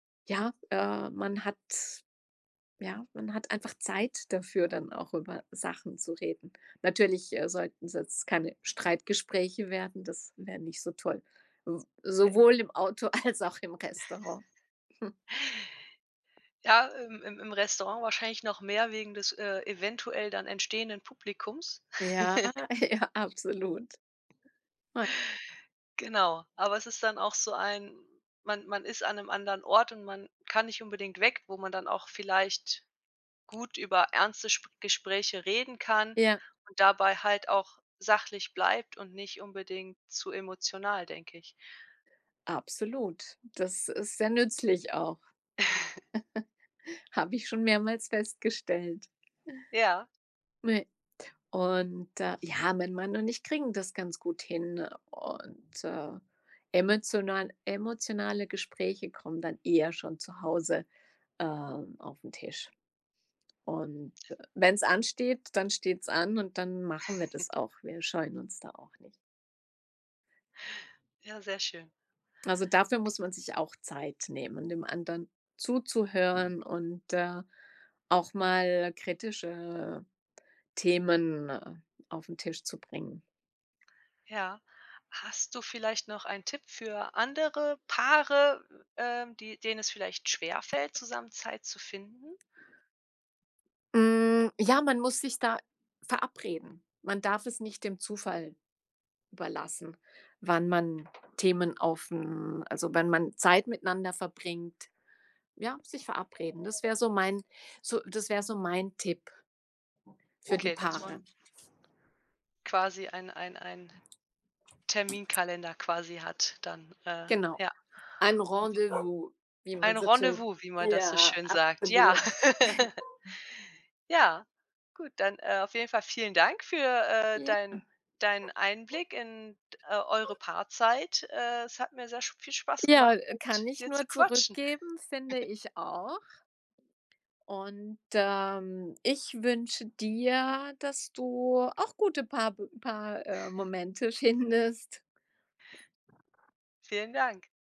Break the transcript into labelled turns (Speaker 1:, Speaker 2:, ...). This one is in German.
Speaker 1: Ja, äh, man hat ja, man hat einfach Zeit dafür, dann auch über Sachen zu reden. Natürlich, äh, sollten's jetzt keine Streitgespräche werden, das wäre nicht so toll, s
Speaker 2: [unintelligible]
Speaker 1: sowohl im Auto als auch im Restaurant.
Speaker 2: Ja, im im im Restaurant wahrscheinlich noch mehr wegen des, äh, eventuell dann entstehenden Publikums.
Speaker 1: Ja, ja absolut, ja.
Speaker 2: Genau, aber es ist dann auch so ein man man ist an 'nem anderen Ort und man kann nicht unbedingt weg, wo man dann auch vielleicht gut über ernste Sp Gespräche reden kann
Speaker 1: Ja.
Speaker 2: und dabei halt auch sachlich bleibt und nicht unbedingt zu emotional, denke ich.
Speaker 1: Absolut, das ist sehr nützlich auch. Habe ich schon mehrmals festgestellt.
Speaker 2: Ja.
Speaker 1: Ne, und, äh, ja, mein Mann und ich kriegen das ganz gut hin und, äh, emotional emotionale Gespräche kommen dann eher schon zu Hause, ähm, auf 'n Tisch und wenn's ansteht, dann steht's an und dann machen wir das auch. Wir scheuen uns da auch nicht.
Speaker 2: Ja, sehr schön.
Speaker 1: Also, dafür muss man sich auch Zeit nehmen, dem anderen zuzuhören und, äh, auch mal kritische Themen auf 'n Tisch zu bringen.
Speaker 2: Ja. Hast du vielleicht noch einen Tipp für andere Paare, ähm, die denen es vielleicht schwerfällt, zusammen Zeit zu finden?
Speaker 1: Hm, ja, man muss sich da verabreden. Man darf es nicht dem Zufall überlassen, wann man Themen auf 'n Also wenn man Zeit miteinander verbringt. Ja, sich verabreden, das wäre so mein so, das wäre so mein Tipp für die
Speaker 2: Okay, dass
Speaker 1: Paare.
Speaker 2: man quasi ein, ein, ein Terminkalender quasi hat dann, äh,
Speaker 1: Genau.
Speaker 2: ja.
Speaker 1: Ein Rendezvous, wie man
Speaker 2: Ein
Speaker 1: so schön
Speaker 2: Rendezvous, wie man das so
Speaker 1: Ja,
Speaker 2: schön sagt, ja.
Speaker 1: absolut.
Speaker 2: Ja, gut, dann, äh, auf jeden Fall vielen Dank für, äh,
Speaker 1: Ja.
Speaker 2: dein deinen Einblick in, d äh, eure Paarzeit. Äh, es hat mir sehr sch viel Spaß
Speaker 1: Ja,
Speaker 2: gemacht,
Speaker 1: äh, kann
Speaker 2: mit
Speaker 1: ich
Speaker 2: dir zu
Speaker 1: nur
Speaker 2: quatschen.
Speaker 1: zurückgeben, finde ich auch. Und, ähm, ich wünsche dir, dass du auch gute Paarbe Paar äh, Momente findest.
Speaker 2: Vielen Dank.